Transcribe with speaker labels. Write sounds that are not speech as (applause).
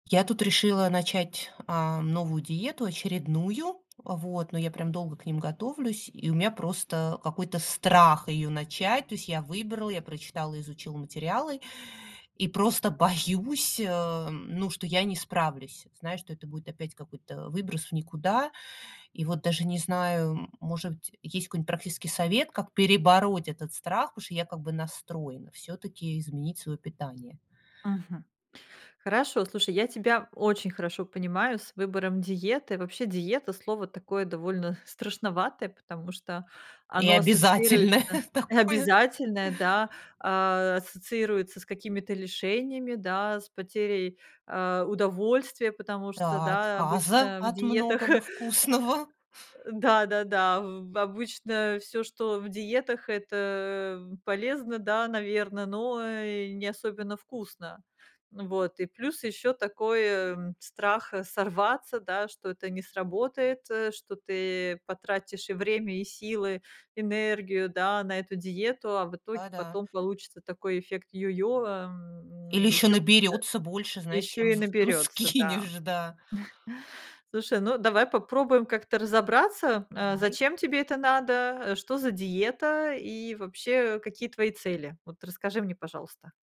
Speaker 1: Я тут решила начать, а, новую диету очередную. Вот. Но я, прям, долго к ним готовлюсь, и у меня просто какой-то страх её начать. То есть я выбрала, я прочитала, изучила материалы. И просто боюсь, эм, ну, что я не справлюсь. Знаешь, что это будет опять какой-то, э, выброс в никуда. И вот даже не знаю, м, может быть, есть какой-нибудь практический совет, как перебороть этот страх, потому что я как бы настроена всё-таки изменить свое питание.
Speaker 2: Мгм. Хорошо, слушай, я тебя очень хорошо понимаю с выбором диеты. Вообще, диета- слово такое, довольно страшноватое, потому что
Speaker 1: И
Speaker 2: оно ассоциируется
Speaker 1: обязательное такое.
Speaker 2: обязательное, да, а, ассоциируется с какими-то лишениями, да, с потерей, а, удовольствия. Потому что, да,
Speaker 1: Отказа
Speaker 2: обычно в
Speaker 1: от
Speaker 2: диетах
Speaker 1: многого
Speaker 2: (chuckles)
Speaker 1: вкусного.
Speaker 2: да-да-да, ав обычно всё, что в диетах- это полезно, да, наверно, э, но не особенно вкусно. Вот. И плюс ещё такой, эм, страх, э, сорваться, да, что это не сработает, э, что ты потратишь и время, и силы, энергию, да, на эту диету. А в итоге
Speaker 1: Да-да.
Speaker 2: потом получится такой эффект йо-йо, эм,
Speaker 1: Или ещё
Speaker 2: ещё э
Speaker 1: наберется больше, знаешь,
Speaker 2: ещё
Speaker 1: чем
Speaker 2: и
Speaker 1: з чем
Speaker 2: наберётся, да.
Speaker 1: скинешь. Да.
Speaker 2: (chuckles) Слушай, ну, давай попробуем как-то разобраться, э,
Speaker 1: Давай.
Speaker 2: зачем тебе это надо, э, что за диета и вообще, какие твои цели. Вот, расскажи мне, пожалуйста.